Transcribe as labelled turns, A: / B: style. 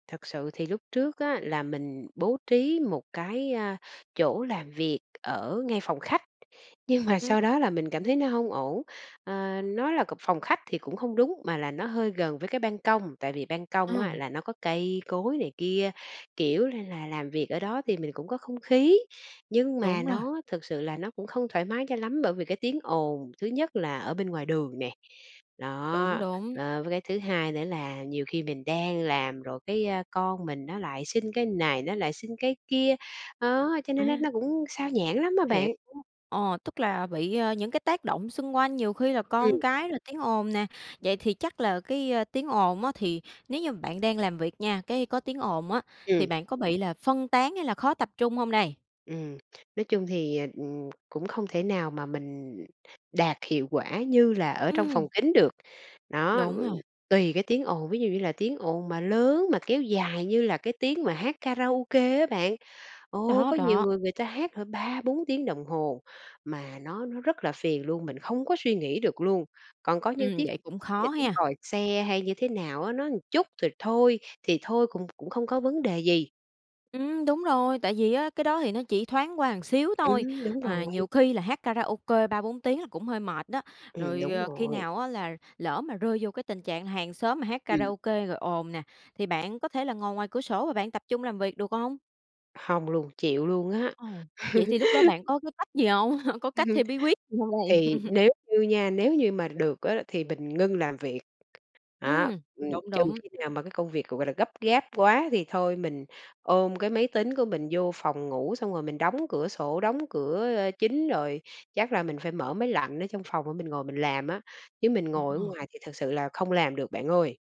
A: Thật sự thì lúc trước á là mình bố trí một cái, à, chỗ làm việc ở ngay phòng khách, nhưng mà
B: Ừm.
A: sau đó là mình cảm thấy nó hông ổn. Ờ, nói là c phòng khách thì cũng không đúng, mà là nó hơi gần với cái ban công, tại vì ban công á
B: À.
A: là nó có cây cối này kia, kiểu là, là làm việc ở đó thì mình cũng có không khí. Nhưng mà
B: Đúng rồi.
A: nó thực sự là nó cũng không thoải mái cho lắm bởi vì cái tiếng ồn, thứ nhất là ở bên ngoài đường nè,
B: Đúng,
A: đó,
B: đúng.
A: ờ, với cái thứ hai nữa là nhiều khi mình đang làm rồi cái, ơ, con mình nó lại xin cái này, nó lại xin cái kia, đó, cho nên nó
B: À.
A: nó cũng xao nhãng lắm á
B: Hiểu,
A: bạn.
B: ờ, tức là bị, ờ, những cái tác động xung quanh nhiều khi là con
A: Ừm.
B: cái rồi tiếng ồn nè. Vậy thì chắc là cái, ơ, tiếng ồn á thì nếu như mà bạn đang làm việc nha, cái có tiếng ồn á, thì
A: Ừm.
B: bạn có bị là phân tán hay là khó tập trung hông đây?
A: Ừm, nói chung thì, ờ, ừm, cũng không thể nào mà mình đạt hiệu quả như là ở trong
B: Ừm.
A: phòng kín được. Đó,
B: Đúng
A: v
B: rồi.
A: tùy cái tiếng ồn, ví dụ như là tiếng ồn mà lớn mà kéo dài như là cái tiếng mà hát karaoke á bạn, ồ,
B: Đó,
A: có nhiều
B: đó.
A: người người ta hát hả 3-4 tiếng đồng hồ, mà nó nó rất là phiền luôn, mình không có suy nghĩ được luôn. Còn có những
B: Ừm,
A: tiếng
B: vậy cũng
A: là
B: khó
A: tiếng
B: ha.
A: còi xe hay như thế nào á, nó một chút rồi thôi thì thôi cũng cũng không có vấn đề gì.
B: Ừm, đúng rồi. Tại vì á, cái đó thì nó chỉ thoáng qua một xíu thôi,
A: Ừm, đúng
B: à,
A: rồi.
B: nhiều khi là hát karaoke 3-4 tiếng là cũng hơi mệt đó.
A: Ừm,
B: Rồi,
A: đúng
B: ờ, khi
A: rồi.
B: nào á là lỡ mà rơi vô cái tình trạng hàng xóm mà hát
A: Ừm.
B: karaoke rồi ồn nè, thì bạn có thể là ngồi ngoài cửa sổ và bạn tập trung làm việc được hông?
A: Hông luôn, chịu luôn á.
B: Ồ, vậy thì lúc đó bạn có cái cách gì hông? Có cách theo bí quyết gì hông đây?
A: Thì nếu như nha, nếu như mà được á thì mình ngưng làm việc. À,
B: Ừm,
A: ừm,
B: đúng,
A: trừ
B: đúng.
A: khi nào mà cái công việc, gọi là, gấp gáp quá thì thôi mình ôm cái máy tính của mình vô phòng ngủ xong rồi mình đóng cửa sổ, đóng cửa, ơ, chính rồi, chắc là mình phải mở máy lạnh ở trong phòng để mình ngồi mình làm á, chứ mình ngồi ở
B: Ờ.
A: ngoài thì thực sự là không làm được bạn ơi.